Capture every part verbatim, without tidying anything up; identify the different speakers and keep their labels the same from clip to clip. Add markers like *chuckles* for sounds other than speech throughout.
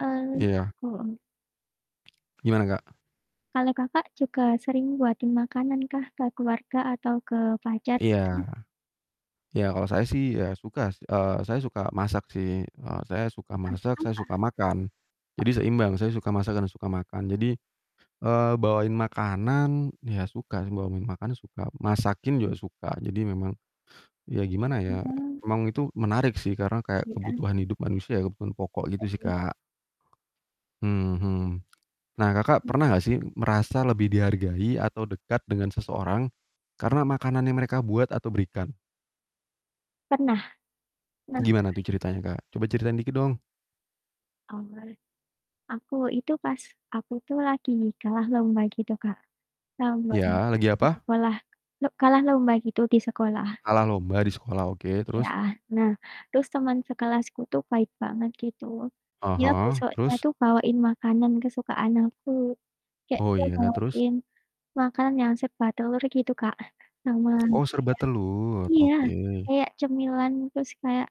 Speaker 1: Eee,
Speaker 2: Iya.
Speaker 1: aku.
Speaker 2: Gimana, Kak?
Speaker 1: Kalau Kakak juga sering buatin makanan kah ke keluarga atau ke pacar gitu?
Speaker 2: Iya. Ya kalau saya sih, ya suka, s eee, saya suka masak sih, eee, saya suka
Speaker 1: Masak
Speaker 2: masak
Speaker 1: apa?
Speaker 2: saya suka makan. Jadi
Speaker 1: Telor?
Speaker 2: seimbang, saya suka masak dan suka makan. Jadi, eee, bawain makanan, ya suka sih bawa min makanan suka, masakin juga suka jadi memang, ya gimana ya,
Speaker 1: Mmm.
Speaker 2: emang itu menarik sih, karena kayak
Speaker 1: Iya.
Speaker 2: kebutuhan hidup manusia, kebutuhan pokok gitu sih,
Speaker 1: *unintelligible*
Speaker 2: Kak. hmm hmm. Nah, Kakak
Speaker 1: Hmm.
Speaker 2: pernah nggak sih merasa lebih dihargai atau dekat dengan seseorang karena makanan yang mereka buat atau berikan?
Speaker 1: Pernah. Kenapa?
Speaker 2: Gimana tuh ceritanya, Kak? Coba ceritain dikit dong.
Speaker 1: Oh. Aku itu pas, aku tuh lagi kalah lomba gitu, Kak. Gambar
Speaker 2: Iya, lagi
Speaker 1: di
Speaker 2: apa?
Speaker 1: sekolah lo kalah lomba gitu di sekolah.
Speaker 2: Kalah lomba di sekolah, oke
Speaker 1: Iya,
Speaker 2: terus?
Speaker 1: nah terus teman sekelasku tuh baik banget gitu,
Speaker 2: Ah
Speaker 1: dia
Speaker 2: hah,
Speaker 1: besoknya
Speaker 2: terus.
Speaker 1: tuh bawain makanan kesukaan aku. Kayak
Speaker 2: Oh
Speaker 1: dia
Speaker 2: iya, nah terus?
Speaker 1: bawain makan yang serba telur gitu, Kak, sama
Speaker 2: Oh serba
Speaker 1: kayak
Speaker 2: telur,
Speaker 1: iya,
Speaker 2: oke.
Speaker 1: kayak cemilan terus kayak,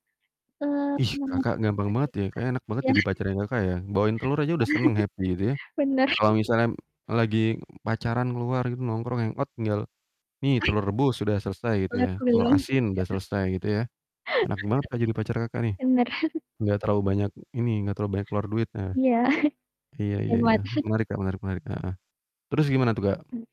Speaker 1: eee,
Speaker 2: Ih,
Speaker 1: semua yang dia
Speaker 2: Kakak
Speaker 1: suka,
Speaker 2: gampang
Speaker 1: ada
Speaker 2: banget ya
Speaker 1: juga.
Speaker 2: kayaknya enak banget
Speaker 1: Iya.
Speaker 2: jadi
Speaker 1: *chuckles*
Speaker 2: pacarnya Kakak ya, bawain telur aja
Speaker 1: Iya.
Speaker 2: udah seneng, happy gitu ya.
Speaker 1: *chuckles* Benar.
Speaker 2: Kalau
Speaker 1: *chuckles*
Speaker 2: misalnyam lagi pacaran keluar gitu nongkrong hang out tinggal, "Nih,
Speaker 1: Oh ya.
Speaker 2: telur rebus sudah selesai," gitu
Speaker 1: Telor
Speaker 2: ya, "telur
Speaker 1: gulung, iya.
Speaker 2: asin udah selesai," gitu ya. Enak banget, Kak, jadi pacar Kakak
Speaker 1: *chuckles*
Speaker 2: nih,
Speaker 1: Bener. *chuckles*
Speaker 2: nggak terlalu banyak ini, nggak terlalu banyak keluar duit, nah.
Speaker 1: Iya.
Speaker 2: Iya
Speaker 1: *chuckles*
Speaker 2: iya
Speaker 1: Hemat.
Speaker 2: ya,
Speaker 1: *chuckles*
Speaker 2: menarik, Kak, menarik menarik, heeh. Terus gimana tuh, Kak?
Speaker 1: Mhm.